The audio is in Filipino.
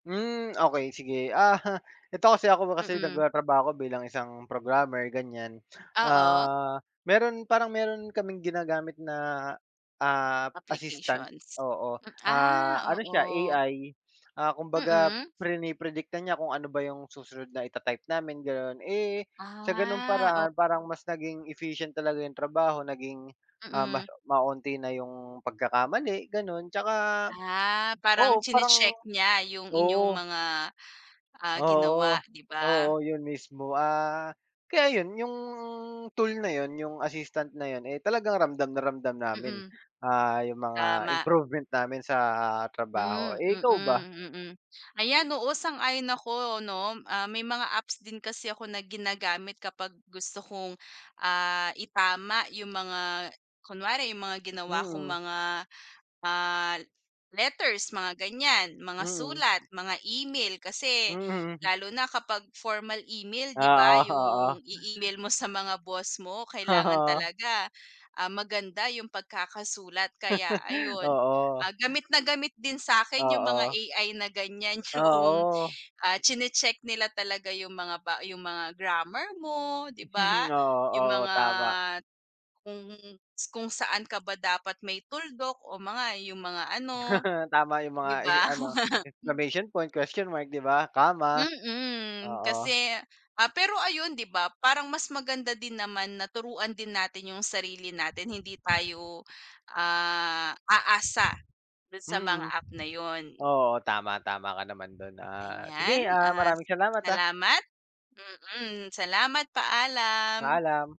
Hmm, okey sige, ah, eto kasi ako kasi Mm. nagtratrabaho ako bilang isang programmer, ganiyan. Oo. Ah, meron parang meron kaming ginagamit na, ah, assistant, Applications, oo, m ah, ah, ano siya oo. AI, ah, kumbaga Mm. prine-predict na niya kung ano ba 'yung susunod na ita-type namin, gano'n. Eh sa ganung Ah, oh. paraan parang mas naging efficient talaga 'yung trabaho, naging, ah, Mm. mas ma-onti na 'yung pagkakamali gano'n 'tsaka Ah, parang oo, parang tsine-check niya 'yung inyong oo. mga, ah, Oo, oo, ginawa 'di ba? oo, 'yun mismo. Ah, kaya 'yun, 'yung tool na 'yun, 'yung assistant na 'yun, eh talagang ramdam na ramdam namin. Mm. Ah, 'yung mga Tama. improvement namin sa trabaho. Hmm, Eh ikaw ba? mm, mm. Ayan, oo sang-ayon ako 'no. Ah, may mga apps din kasi ako na ginagamit kapag gusto kong, ah, itama 'yung mga kunwari 'yung mga ginawa kong Mm. mga, ah, letters mga ganiyan, mga Mm. sulat, mga email. Hmm, Kasi mhm. lalo na kapag formal email 'di ba, Oo, oo. 'yung i-email mo sa mga boss mo, kailangan Oo. talaga, ah, maganda 'yung pagkakasulat. Kaya ayun, Oo. ah, gamit na gamit din sa'kin yung mga Oo. AI na ganiyan, 'yung, Oo. ah, tsine-check nila talaga 'yung mga ba 'yung mga grammar mo, 'di ba. Oo, 'Yung oo, mga tama. kung kung saan ka ba dapat may tuldok, o mga, 'yung mga ano, Tama 'yung mga 'di eh ba. ano, exclamation point, question mark, 'di ba, comma, Mm, oo. kasi ah, pero ayun 'di ba, parang mas maganda din naman na turuan din natin 'yung sarili natin, hindi tayo, ah, aasa dun sa mga Mm. app na 'yun. Oo, tama, tama ka naman dun. Ah, sige, Ayan, ah, ah, maraming salamat, ah. salamat. Mm, salamat, paalam. Paalam.